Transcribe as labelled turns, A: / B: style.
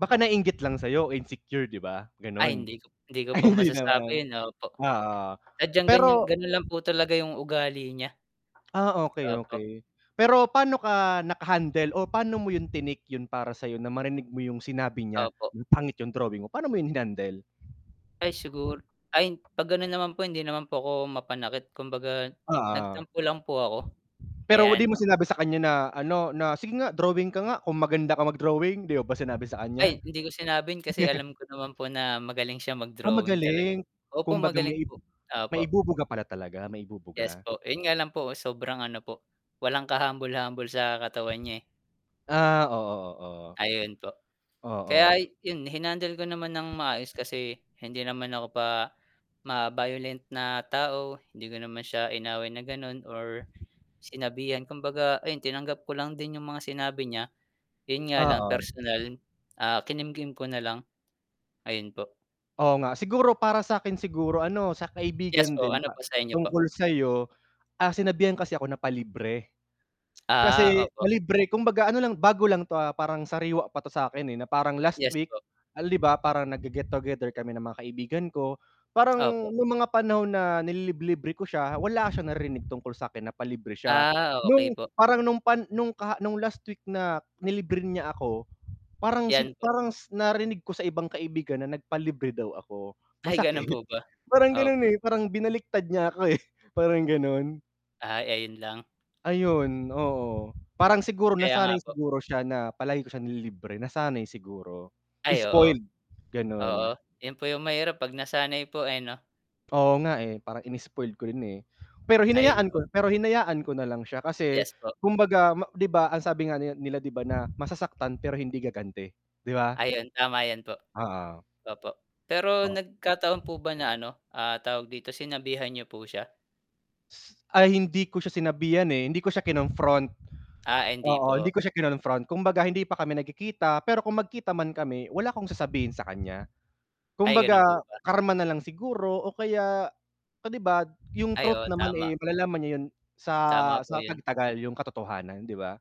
A: Baka naiinggit lang sa'yo, insecure, 'di ba,
B: Ay,
A: gano'n?
B: hindi ko p hindi ko
A: Ay,
B: po
A: hindi
B: masasabi
A: naman.
B: 'yon, opo.
A: Oo,
B: Sadyang ganiyan
A: pero
B: gano'n lang po talaga 'yong ugali niya.
A: Ah, okey,
B: Opo.
A: okey. Pero paano ka nakahandle o pa'no mo 'yon tinake 'yon para sa'yo na marinig mo 'yong sinabi niya,
B: Opo.
A: "Ang pangit 'yong drawing mo," pa'no mo 'yon hinandle?
B: Ay sigur ay, 'pag gano'n naman po hindi naman po ako mapanakit, kumbaga,
A: Oo.
B: nagtampo lang po ako.
A: Pero 'di
B: Ayan.
A: mo sinabi sa kanya na ano, na, "Sige nga drawing ka nga kung maganda ka mag-drawing?" 'Di mo ba sinabi sa kaniya?
B: Ay, hindi ko sinabi 'yon kasi alam ko naman po na magaling siya
A: Ah,
B: mag-drawing talaga.
A: magaling.
B: Opo
A: Kumbaga
B: magaling
A: may i
B: po.
A: may
B: Opo.
A: ibubuga pala talaga, may
B: Yes
A: ibubuga.
B: po, 'yon nga lang po sobrang ano po, walang kahumble-humble sa katawan niya, eh.
A: Ah, oo, oo.
B: Ayun po.
A: Oo.
B: Kaya 'yon, hinandle ko naman nang maayos kasi hindi naman ako pa ma-violent na tao, hindi ko naman siya inaway na gano'n or sinabihan kumbaga, ayun, tinanggap ko lang din 'yong mga sinabi niya. 'Yon nga lang
A: Oo.
B: personal, ah, kinimkim ko na lang. Ayun po
A: Oo nga, siguro para sa'kin siguro ano? Sa
B: Yes
A: kaibigan
B: po,
A: din
B: ano
A: pa
B: po sa inyo po?
A: tungkol sa'yo, ah, sinabihan kasi ako na, "palibre."
B: Ah,
A: Kasi,
B: opo.
A: "palibre," kumbaga ano lang, bago lang 'to, ah, parang sariwa pa 'to sa'kin, eh, na parang last
B: Yes
A: week,
B: po.
A: al 'di ba, parang nagge-get together kami ng mga kaibigan ko,
B: Opo.
A: parang no'ng mga panahon na nililib libre ko siya, wala siyang narinig tungkol sakin na "palibre" siya.
B: Ah, okey
A: No'ng
B: po.
A: parang no'ng pan no'ng kaha no'ng last week na nilibre niya ako, parang si
B: 'Yan po.
A: parang s narinig ko sa ibang kaibigan na nagpalibre daw ako.
B: Ay,
A: Masakit.
B: gano'n po ba?
A: Parang gano'n,
B: Opo.
A: eh, parang binaliktad niya ako, eh, parang gano'n.
B: Ay, ayun lang.
A: Ayun, oo, parang siguro
B: Kaya nga
A: nasanay
B: po.
A: siguro siya na palagi ko siya nililibre, nasanay siguro,
B: Ay, oo.
A: spoiled, gano'n.
B: Oo, 'yon po 'yong mahirap 'pag nasanay po, eh, 'no?
A: Oo nga, eh, parang inispoiled ko rin, eh. Pero
B: Ayun
A: hinayaan ko
B: po.
A: n pero hinayaan ko nalang siya kasi
B: Yes po.
A: kumbaga ma 'di ba ang sabi nga nila nila 'di ba, na masasaktan pero hindi gaganti, 'di ba?
B: Ayun, tama 'yon po.
A: Oo.
B: Opo, pero
A: O
B: nagkataon po ba na ano, ah, tawag dito, sinabihan niyo po siya?
A: Ay, hindi ko siya sinabihan, eh, hindi ko siya kinonfront.
B: Ah, hindi
A: Oo, hindi
B: po.
A: ko siya kinonfront, kumbaga hindi pa kami nagkikita pero kung magkita man kami wala akong sasabihin sa kanya.
B: Ay, gano'n
A: Kumbaga,
B: po ba?
A: karma nalang siguro o kaya, o 'di ba, d 'yong
B: Ay, oo,
A: truth naman,
B: tama.
A: eh, malalaman niya 'yon sa
B: Tama po
A: sa
B: 'yon.
A: pagtagal, 'yong katotohanan, 'di ba?